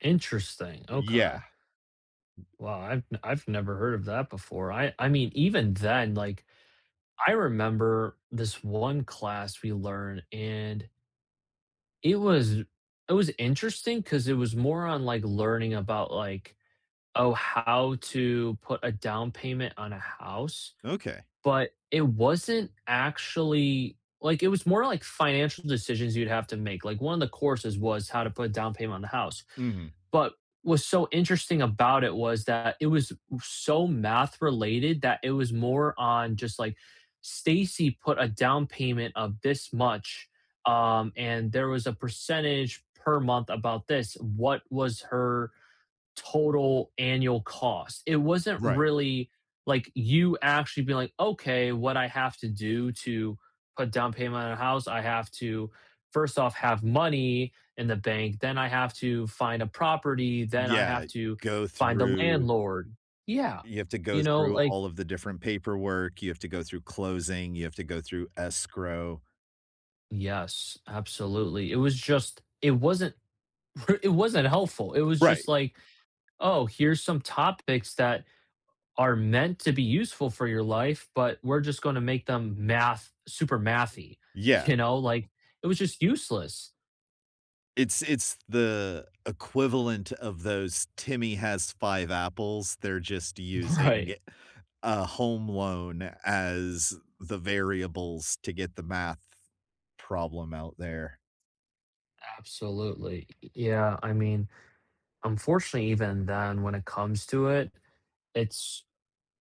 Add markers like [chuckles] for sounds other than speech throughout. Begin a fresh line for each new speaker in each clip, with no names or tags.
Interesting,
Yeah.
okay. Well, I've I've never heard of that before, I I mean, even then, like, I remember this 1 class we learn and it was it was interesting 'cause it was more on, like, learning about, like, oh, "How to put a down payment on a house?"
Okay.
But it wasn't actually like, it was more, like, financial decisions you'd have to make, like 1, the courses was how to put down payment on the house,
Mhm.
but what's so interesting about it was that, it was so math related that it was more on just, like, "Stacy put a down payment of this much, um, and there was a percentage per month about this, what was her total annual cost?" It wasn't
Right.
really like, you actually be, like, "Okay, what I have to do to put down payment on a house? I have to first off have money in the bank, then I have to find a property, then I
Yeah,
have to
go
find a
through
landlord." Yeah,
You have to go
you know,
through
like
all of the different paperwork, you have to go through closing, you have to go through escrow
Yes, absolutely, it was just it wasn't [chuckles] it wasn't helpful, it was just,
Right.
like, "Oh, here's some topics that are meant to be useful for your life, but we're just gonna make them math super mathy,"
Yeah.
you know, like, it was just useless.
It's it's the equivalent of those "Timmy has 5 apples," they're just using
Right.
a home loan as the variables to get the math problem out there.
Absolutely, y yeah, I mean, unfortunately, even then when it comes to it, it's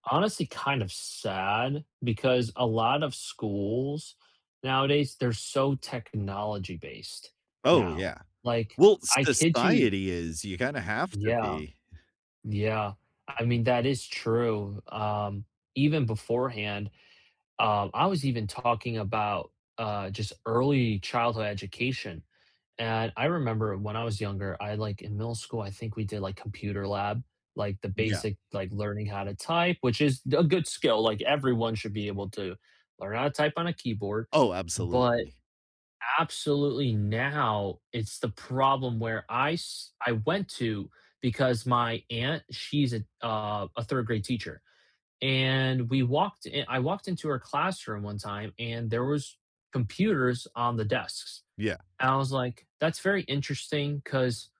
honestly kind of sad, because a lot of schools nowadays, they're so technology-based,
Oh,
now,
yeah.
like,
Well,
I kid you
society is you kinda have to
Yeah.
be
Yeah, I mean, that is true, um, even beforehand, um, I was even talking about, uh, just early childhood education, and, I remember when I was younger, I like, in middle school, I think we did, like, computer lab, like, the
Yeah.
basic, like, learning how to type, which is the a good skill, like, everyone should be able to learn how to type on a keyboard,
Oh,
but
absolutely.
absolutely now it's the problem where I s I went to because my aunt, she's a uh, a 3rd grade teacher, and we walked in I walked into her classroom one time and there was computers on the desks;
Yeah.
I was, like that's very interesting 'cause